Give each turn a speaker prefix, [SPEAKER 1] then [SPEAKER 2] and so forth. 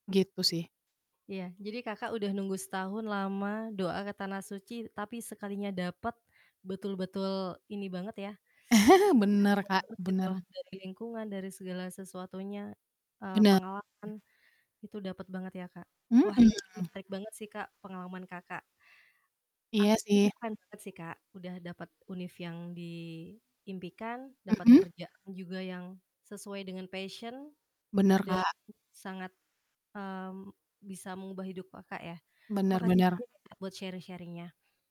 [SPEAKER 1] Gitu sih
[SPEAKER 2] Iya. Jadi Kakak udah nunggu setahun lama, doa ke tanah suci, tapi sekalinya dapet betul-betul ini banget ya
[SPEAKER 1] Benar, Kak,
[SPEAKER 2] bahagia
[SPEAKER 1] benar.
[SPEAKER 2] banget gitu. Dari lingkungan, dari segala sesuatunya, eee,
[SPEAKER 1] Benar.
[SPEAKER 2] pengalaman itu dapet banget ya, Kak. Wah, ini
[SPEAKER 1] Mhm.
[SPEAKER 2] menarik banget sih, Kak, pengalaman Kakak.
[SPEAKER 1] Iya
[SPEAKER 2] Aku itu
[SPEAKER 1] sih.
[SPEAKER 2] keren banget sih, Kak, udah dapat univ yang diimpikan, dapat
[SPEAKER 1] Mhm.
[SPEAKER 2] kerja juga yang sesuai dengan passion
[SPEAKER 1] Benar,
[SPEAKER 2] dan
[SPEAKER 1] Kak.
[SPEAKER 2] sangat, mmm, bisa mengubah hidup Kakak ya.
[SPEAKER 1] Benar
[SPEAKER 2] Makasih
[SPEAKER 1] benar.
[SPEAKER 2] banyak ya, Kak, buat sharing-sharing-nya.